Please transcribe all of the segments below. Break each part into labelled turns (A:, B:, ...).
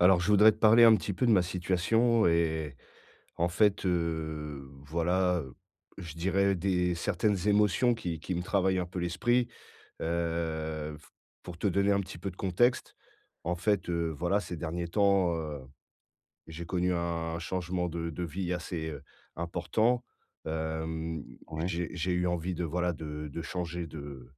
A: Alors, je voudrais te parler un petit peu de ma situation et en fait, heu, voilà, heu, je dirais des certaines émotions qui qui me travaillent un peu l'esprit. Heu, f pour te donner un petit peu de contexte. En fait, heu, voilà, ces derniers temps, heu, j'ai connu un changement de de vie assez, heu, important. Hem,
B: Ouais.
A: j'ai j'ai eu envie de, voilà, de de changer de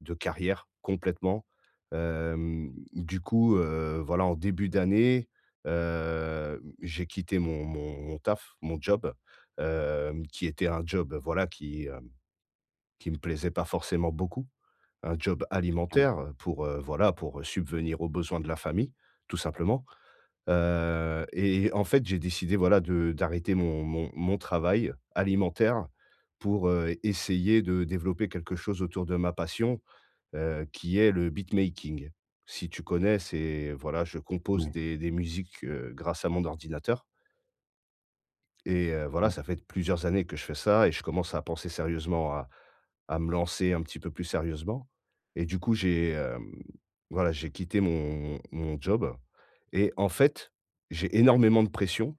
A: de carrière, complètement. Hem, du coup, heu, voilà, en début d'année, heu, j'ai quitté mon mon mon taf, mon job, hem, qui était un job, voilà, qui, hem, qui me plaisait pas forcément beaucoup. Un job
B: Ah oui.
A: alimentaire pour, heu, voilà pour, heu, subvenir aux besoins de la famille, tout simplement. Heu et et en fait, j'ai décidé, voilà, de d'arrêter mon mon mon travail, alimentaire, heu, pour, heu, essayer de développer quelque chose autour de ma passion, heu, qui est le beatmaking. Si tu connais, c'est voilà, je compose
B: Oui.
A: des des musiques, heu, grâce à mon ordinateur. Et heu, voilà,
B: Ouais.
A: ça fait plusieurs années que je fais ça et je commence à penser sérieusement à à me lancer un petit peu plus sérieusement et du coup, j'ai, hem, voilà, j'ai quitté mon m mon job et en fait, j'ai énormément de pression.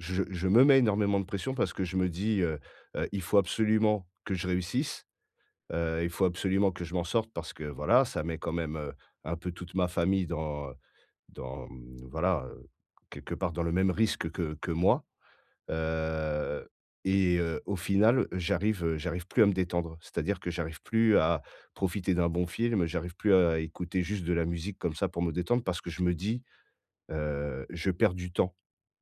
A: Je je me mets énormément de pression, parce que je me dis, heu heu: «Il faut absolument que je réussisse», heu, il faut absolument que je m'en sorte parce que voilà, ça met quand même, heu, un peu toute ma famille dans, heu, dans, mmh, voilà, heu, quelque part dans le même risque que que que moi. Heu et heu, au final, j'arrive, heu, j'arrive plus à me détendre. C'est-à-dire que j'arrive plus à profiter d'un bon film, j'arrive plus à à écouter juste de la musique comme ça pour me détendre. Parce que je me dis, heu: «Je perds du temps.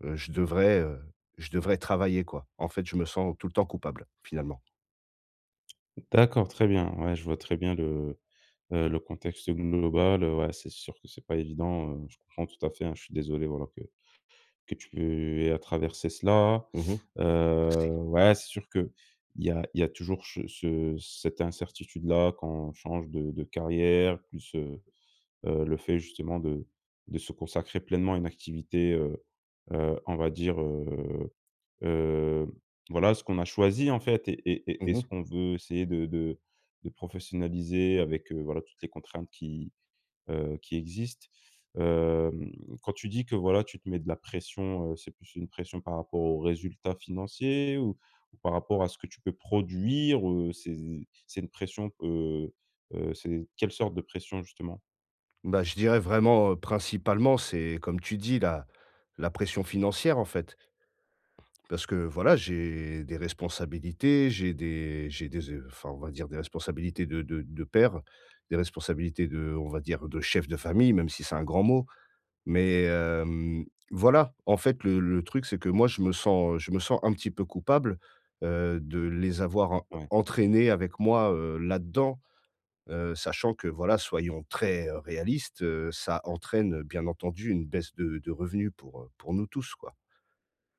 A: Je devrais, heu, je devrais travailler, quoi», en fait, je me sens tout le temps coupable, finalement.
B: D'accord très bien. Ouais je vois très bien le, heu, le contexte global, heu ouais c'est sûr que, c'est pas évident, heu, je comprends tout à fait, hein. Je suis désolé voilà que que tu aies à traverser cela.
A: Mmh mh. Merci.
B: Heu, ouais c'est sûr qu'il y a il y a toujours che ce cette incertitude-là quand on change de de carrière. Plus, heu heu, le fait justement de de se consacrer pleinement à une activité, heu heu, on va dire, heu heu, voilà ce qu'on a choisi, en fait et et et et
A: Mmh
B: ce
A: mh.
B: qu'on veut essayer de de de professionnaliser avec, heu, voilà toutes les contraintes qui, heu, qui existent. Hem, quand tu dis que voilà tu te mets de la pression, heu, c'est plus une pression par rapport aux résultats financiers? Ou ou par rapport à ce que tu peux produire? Heu, c'est c'est une pression, heu heu, c'est quelle sorte de pression justement?
A: Bah je dirais vraiment, heu, principalement, c'est comme tu dis la la pression financière, en fait parce que, voilà, j'ai des responsabilités, j'ai des j'ai des ze enfin, on va dire des responsabilités de de de père. Des responsabilités de on va dire, de chef de famille, même si c'est un grand mot mais hem, voilà, en fait, le le truc c'est que, moi, je me sens, heu, je me sens un petit peu coupable, heu, de les avoir
B: Ouais.
A: entraîner avec moi, heu, là-dedans, heu, sachant que voilà soyons très, heu, réaliste, heu, ça entraîne, heu, bien entendu une baisse de de revenus pour, heu, pour nous tous, quoi.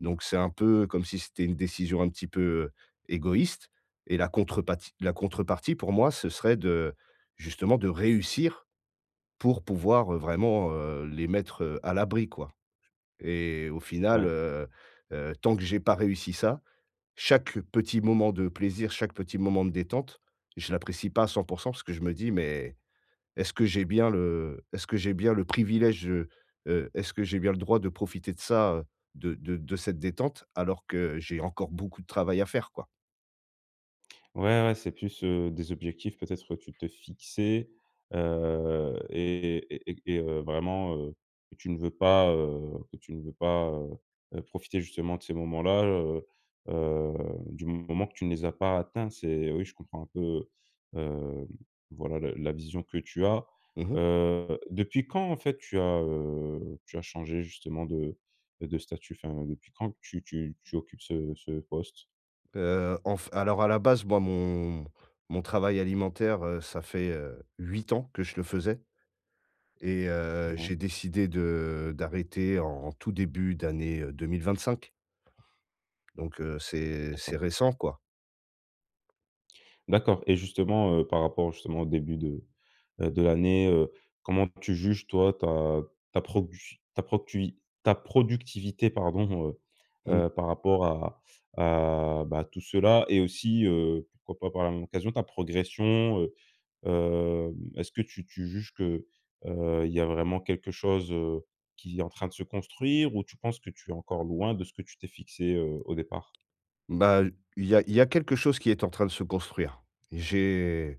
A: Donc c'est un peu comme si c'était une décision un petit peu égoïste et la contrepati la contrepartie pour moi, ce serait de, justement de réussir pour pouvoir, heu, vraiment, heu, les mettre, heu, à l'abri, quoi et au final,
B: Ouais.
A: heu heu, tant que j'ai pas réussi ça, chaque petit moment de plaisir, chaque petit moment de détente, je l'apprécie pas à 100 % parce que je me dis: «Mais, est-ce que j'ai bien le est-ce que j'ai bien le privilège, heu heu, est-ce que j'ai bien le droit de profiter de ça, heu, de de de cette détente, alors que j'ai encore beaucoup de travail à faire?» quoi.
B: Ouais, ouais, c'est plus, heu, des objectifs peut-être que tu te fixais, heu et et et et et heu, vraiment, heu, que tu ne veux pas heu, que tu ne veux pas, heu heu, profiter, justement, de ces moments-là, heu heu, du moment que tu ne les as pas atteints. C'est oui, je comprends un peu, hem, voilà, la la vision que tu as.
A: Mmh mh.
B: Heu, depuis quand, en fait, tu as, heu, tu as changé justement de de statut, enfin depuis quand tu tu tu occupes ce ce poste?
A: Heu, en f alors à la base, moi mon mon travail alimentaire, heu, ça fait, heu, 8 ans que je le faisais et heu,
B: Mouais.
A: j'ai décidé de d'arrêter en tout début d'année, heu, 2025 donc, heu, c'est c'est
B: D'accord.
A: récent, quoi.
B: D'accord et justement, heu, par rapport, justement, au début de, heu, de l'année, heu, comment tu juges toi ta ta produ ta proctui ta productivité, pardon, heu
A: Mmh.
B: heu, par rapport à à, bah, tout cela et aussi, heu, pourquoi pas par la même occasion ta progression? Heu, hem, est-ce que tu tu juges que, heu, il y a vraiment quelque chose, heu, qui est en train de se construire ou tu penses que tu es encore loin de ce que tu t'es fixé, heu, au départ?
A: Bah, il y a il y a quelque chose qui est en train de se construire. J'ai,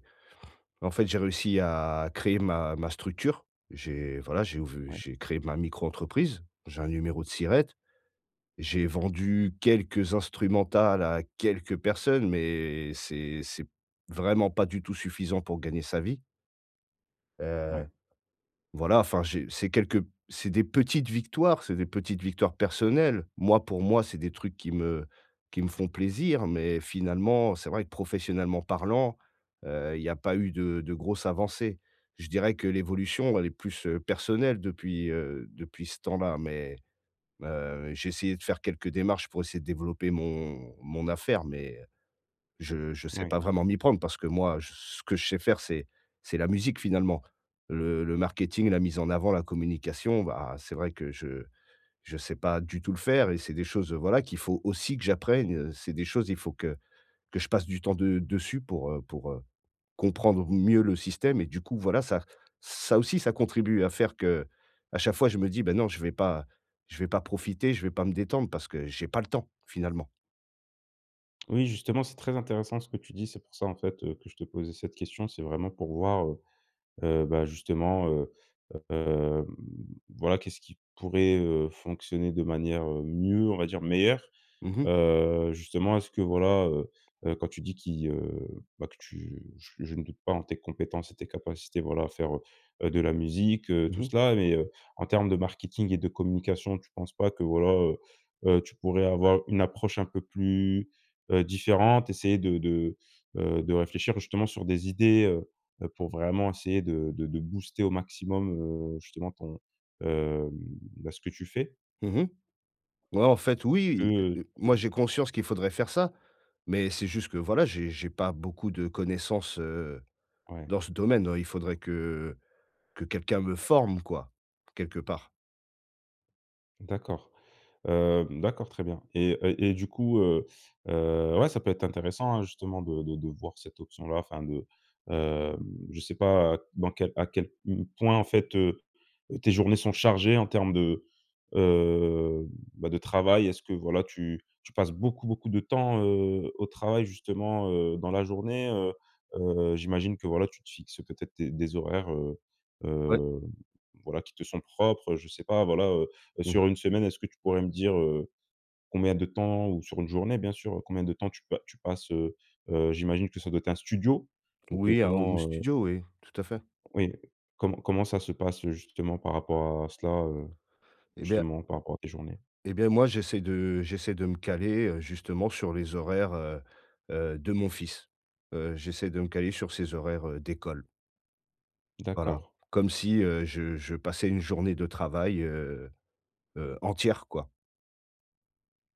A: en fait, j'ai réussi à créer ma ma structure. J'ai, voilà, j'ai ouv
B: Ouais.
A: j'ai créé ma micro-entreprise, j'ai un numéro de SIRET. J'ai vendu quelques instrumentales à quelques personnes, mais c'est c'est vraiment pas du tout suffisant pour gagner sa vie. Heu,
B: Ouais.
A: voilà enfin j'ai c'est quelques c'est des petites victoires, c'est des petites victoires personnelles. Moi pour moi, c'est des trucs qui me qui me font plaisir, mais finalement, c'est vrai que professionnellement parlant, heu, il y a pas eu de de grosse avancée. Je dirais que l'évolution, elle est plus, heu, personnelle depuis, heu, depuis ce temps-là, mais, heu, j'ai essayé de faire quelques démarches pour essayer de développer mon mon affaire mais, heu, je je sais
B: Mouais.
A: pas vraiment m'y prendre parce que moi je ce que je sais faire c'est c'est la musique finalement. Le le marketing, la mise en avant, la communication, bah, c'est vrai que je je sais pas du tout le faire et c'est des choses, heu, voilà qu'il faut aussi que j'apprenne, heu, c'est des choses, il faut que que je passe du temps de dessus pour, heu pour, heu, comprendre mieux le système. Et du coup voilà, ça ça aussi ça contribue à faire que, à chaque fois, je me dis: «Ben non je vais pas, je vais pas profiter, je vais pas me détendre parce que j'ai pas le temps, finalement».
B: Oui justement c'est très intéressant ce que tu dis. C'est pour ça, en fait, heu, que je te posais cette question. C'est vraiment pour voir, heu heu, bah, justement, heu, hem, voilà qu'est-ce qui pourrait, heu, fonctionner de manière, heu, mieux on va dire meilleure.
A: Mmh mh.
B: Heu, justement est-ce que voilà, heu heu, quand tu dis qu'il, heu bah, que tu je je ne doute pas en tes compétences et tes capacités, voilà à faire, heu, de la musique, heu,
A: Mmh
B: tout
A: mh.
B: cela. Mais, heu, en termes de marketing et de communication, tu penses pas que voilà, heu heu, tu pourrais avoir une approche un peu plus, heu, différente, essayer de de, heu, de réfléchir justement sur des idées, heu heu, pour vraiment essayer de de de booster au maximum, heu, justement ton, hem, bah, ce que tu fais?
A: Mmh mh. Ouais, en fait.
B: Est-ce que,
A: Oui,
B: heu
A: heu heu, moi j'ai conscience qu'il faudrait
B: [unintelligible]
A: faire ça, mais c'est juste que, voilà, j'ai j'ai pas beaucoup de connaissances, heu,
B: Ouais.
A: dans ce domaine, heu, il faudrait que que quelqu'un me forme quoi, quelque part.
B: D'accord. Hem, d'accord très bien et, heu et du coup, heu heu, ouais, ça peut être intéressant, hein, justement de de de voir cette option-là, enfin de hem, je sais pas dans quel à quel point, en fait, heu, tes journées sont chargées en termes de, heu, bah, de travail. Est-ce que, voilà, tu tu passes beaucoup, beaucoup de temps, heu, au travail justement, heu, dans la journée? Heu heu, j'imagine que voilà, tu te fixes peut-être tes des horaires, heu
A: Ouais.
B: heu, voilà, qui te sont propres, heu, je sais pas, voilà, heu heu, sur
A: Mmh.
B: 1 semaine, est-ce que tu pourrais me dire, heu, combien de temps? Ou sur 1 journée bien sûr, combien de temps tu pa tu passes? Heu heu, j'imagine que ça doit être un studio? Donc, heu,
A: Oui, un home
B: comment? Heu
A: studio, oui. Tout à fait.
B: Oui, comment comment ça se passe justement par rapport à cela, heu,
A: Et bien
B: justement, par rapport à tes journées?
A: et bien moi j'essaie de j'essaie de me caler, heu, justement sur les horaires, heu heu, de mon fils. Heu, j'essaie de me caler sur ses horaires d'école. Voilà,
B: D'accord.
A: comme si, heu, je je passais une journée de travail, heu heu, entière, quoi.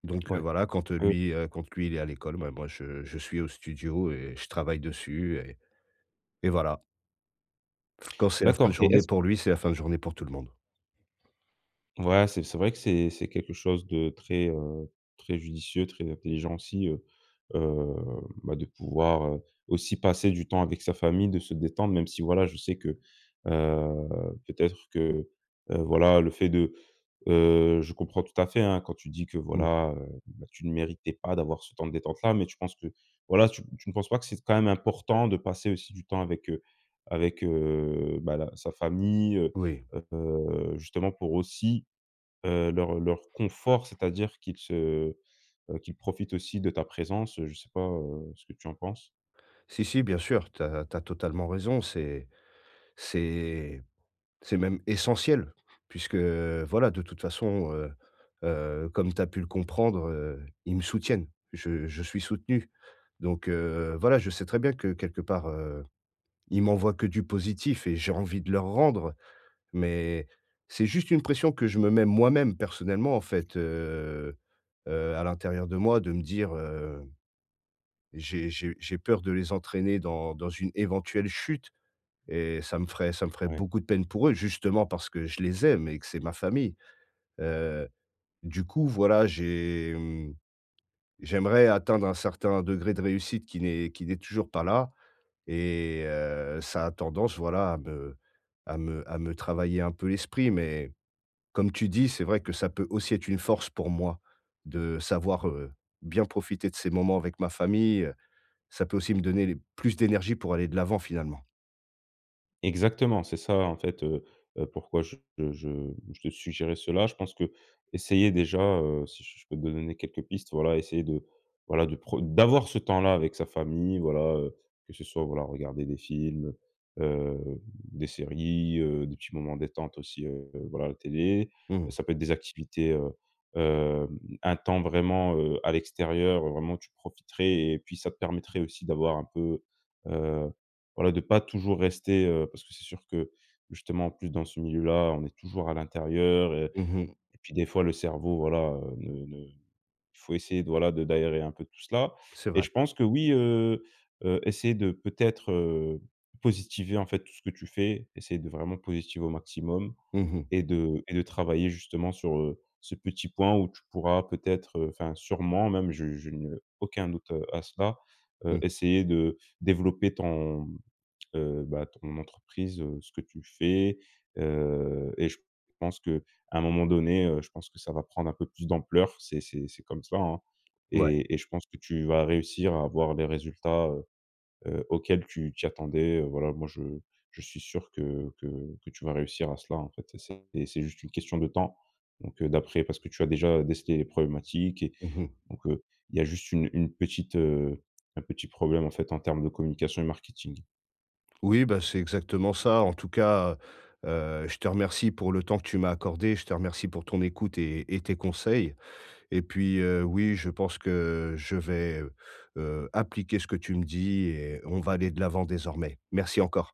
A: Donc, heu,
B: Ouais,
A: voilà, quand, heu,
B: heu
A: lui, heu, quand, lui, il est à l'école, ben, moi je je suis au studio et je travaille dessus et et voilà. Quand c'est la fin de
B: D'accord, et
A: journée
B: est-ce
A: pour lui, c'est la fin de journée pour tout le monde.
B: Ouais, c'est c'est vrai que c'est c'est quelque chose de très, heu, très judicieux, très intelligent aussi, heu, heu, bah, de pouvoir, heu, aussi passer du temps avec sa famille, de se détendre, même si voilà, je sais que, heu, peut-être, que, heu, voilà, le fait de heu, je comprends tout à fait, hein, quand tu dis que,
A: Mmh.
B: voilà, heu, bah tu ne méritais pas d'avoir ce temps de détente-là, mais tu penses que, voilà, tu m tu ne penses pas que c'est s quand même important, de passer aussi du temps avec, heu, avec, heu, bah la sa famille? Heu
A: Oui.
B: heu, justement pour aussi, heu, leur leur confort, c'est-à-dire qu'ils se, heu, qu'ils profitent aussi de ta présence, heu, je sais pas, heu, ce que tu en penses?
A: Si, si, bien sûr, tu as tu as totalement raison, c'est c'est c'est même essentiel puisque voilà, de toute façon, heu heu, comme tu as pu le comprendre, heu, ils me soutiennent. Je je suis soutenu donc, heu, voilà, je sais très bien que quelque part, heu, ils m'envoient que du positif et j'ai envie de leur rendre, mais c'est juste une pression que je me mets moi-même, personnellement. En fait, heu heu, à l'intérieur de moi, de me dire: «Heu, j'ai j'ai j'ai peur de les entraîner dans dans une éventuelle chute et ça me ferait ça me ferait
B: Ouais.
A: beaucoup de peine pour eux, justement parce que je les aime et que c'est ma famille.» heu, du coup, voilà, j'ai mmh, j'aimerais atteindre un certain degré de réussite qui n'est qui n'est toujours pas là, et heu, ça a tendance, voilà, à me à me à me travailler un peu l'esprit. Mais comme tu dis, c'est vrai que ça peut aussi être une force pour moi de savoir, heu, bien profiter de ces moments avec ma famille, ça peut aussi me donner les plus d'énergie pour aller de l'avant, finalement.
B: Exactement, c'est ça en fait, heu heu, pourquoi je je je te suggérais cela. Je pense que essayer déjà, heu, si si je peux te donner quelques pistes, voilà essayer de voilà, de pr d'avoir ce temps-là avec sa famille, voilà, heu, que ce soit, voilà, regarder des films, heu, hem, des séries, heu, des petits moments détente aussi, heu, voilà, la télé.
A: Mmh mh.
B: Ça peut être des activités, heu heu, un temps vraiment, heu, à l'extérieur, heu, vraiment tu profiterais et puis ça te permettrait aussi d'avoir un peu, heu, voilà, de pas toujours rester, heu, parce que c'est sûr que, justement en plus dans ce milieu-là, on est toujours à l'intérieur et
A: Mmh mh.
B: et puis des fois le cerveau, voilà, heu, ne ne il faut essayer de, voilà, de d'aérer un peu tout cela
A: C'est
B: et
A: vrai.
B: je pense que, oui, heu heu, essayer de peut-être, heu, positiver, en fait, tout ce que tu fais, essayer de vraiment positiver au maximum
A: Mmh mh.
B: et de et de travailler justement sur, heu, ce petit point où tu pourras peut-être, enfin, sûrement même, je je n'ai aucun doute à cela, heu,
A: Mmh.
B: essayer de développer ton, heu, bah ton entreprise, heu, ce que tu fais, heu et je pense qu'à un moment donné, heu, je pense que ça va prendre un peu plus d'ampleur, c'est c'est c'est comme ça, hein
A: Ouais.
B: et et je pense que tu vas réussir à avoir les résultats, heu heu, auxquels tu t'y attendais, heu, voilà. Moi, je je suis sûr que que que tu vas réussir à cela, en fait, c'est c'est juste une question de temps donc d'après parce que tu as déjà décelé les problématiques et
A: Mmh mh.
B: donc, heu, il y a juste une une petite, heu, un petit problème, en fait, en termes de communication et marketing.
A: Oui, bah c'est exactement ça. En tout cas, heu heu, je te remercie pour le temps que tu m'as accordé, je te remercie pour ton écoute et et tes conseils et puis, heu, oui, je pense que je vais, heu heu, appliquer ce que tu me dis et on va aller de l'avant désormais. Merci encore.